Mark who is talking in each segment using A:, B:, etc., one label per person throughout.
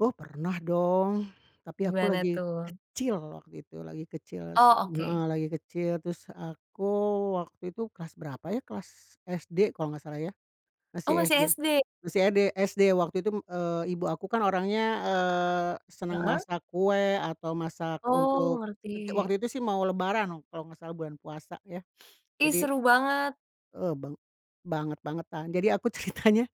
A: Oh, pernah dong, tapi aku
B: Gimana
A: lagi
B: tuh?
A: kecil waktu itu, lagi kecil se
B: Oh,
A: heeh,
B: oke.
A: lagi kecil, terus aku waktu itu, kelas berapa ya, kelas SD kalau enggak salah ya,
B: Oh,
A: masih
B: masih
A: SD,
B: SD.
A: masih ED SD. Waktu itu, mmm, eee, ibu aku kan orangnya, eee, senang
B: Heeh.
A: masak kue atau masak
B: Oh,
A: untuk kerja
B: ngerti.
A: waktu itu sih mau lebaran noh, kalau enggak salah bulan puasa ya,
B: Ih,
A: jadi
B: seru banget.
A: Eee, bang banget-bangetan. Jadi aku ceritanya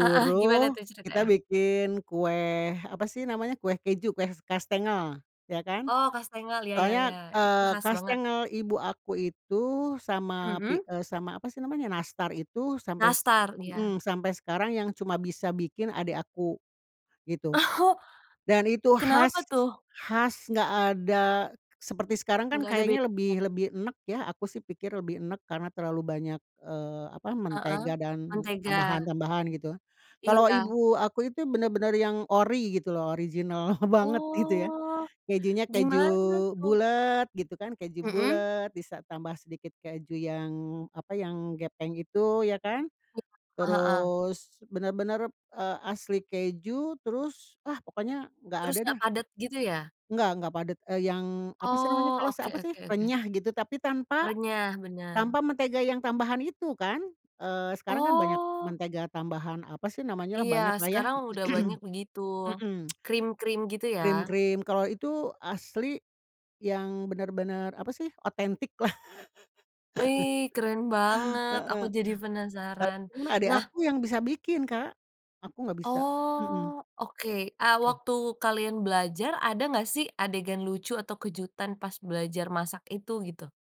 B: Heeh, gimana tuh
A: kita
B: ceritanya?
A: bikin kue, apa sih namanya, kue keju, kue s kastengel iya kan,
B: Oh, kastengel, iya iya
A: soalnya,
B: iya, itu
A: eee,
B: khas banget.
A: kastengel ibu aku itu sama pi
B: Mhm.
A: eee, sama apa sih namanya, nastar itu sampai se
B: Nastar? Iya.
A: mhm, sampai sekarang yang cuma bisa bikin adek aku gitu
B: Oh.
A: dan
B: M
A: itu khas
B: kenapa tuh?
A: khas enggak ada seperti sekarang kan
B: Enggak ada
A: kayaknya
B: bedanya?
A: lebih lebih enek ya, aku sih pikir lebih enek karena terlalu banyak, eee, apa,
B: Heeh,
A: mentega dan
B: mentega.
A: tambahan-tambahan gitu. Kalau
B: Iya.
A: ibu aku itu benar-benar yang ori gitu loh original banget gitu ya.
B: Oh.
A: Kejunya keju
B: Gimana tuh?
A: bulat gitu kan, keju
B: Mhm.
A: bulat bisa tambah sedikit keju yang, apa, yang gepeng itu ya kan,
B: Iya, heeh.
A: terus benar-benar, eee, asli keju, terus ah, pokoknya enggak
B: Terus
A: ada
B: enggak
A: dah.
B: padat gitu ya?
A: Enggak enggak padat, eee, yang apa sih namanya,
B: Oh,
A: kres
B: oke
A: apa sih,
B: oke oke.
A: renyah gitu, tapi tanpa
B: Renyah, benar.
A: tanpa mentega yang tambahan itu kan, eee, sekarang kan banyak
B: Oh.
A: mentega tambahan, apa sih namanyalah,
B: Iya,
A: banyaklah ya.
B: sekarang udah banyak begitu,
A: Mhm,
B: krim-krim gitu ya?
A: Krim-krim, kalau itu asli yang benar-benar, apa sih, otentik lah.
B: Wih, keren banget. Aku
A: Heeh.
B: jadi
A: Kalau
B: penasaran.
A: krim mah adek
B: Nah
A: aku yang bisa bikin, Kak. Aku enggak bisa. Mhm.
B: Oh, oke, ah,
A: Oke.
B: waktu kalian belajar ada enggak sih adegan lucu atau kejutan pas belajar masak itu gitu?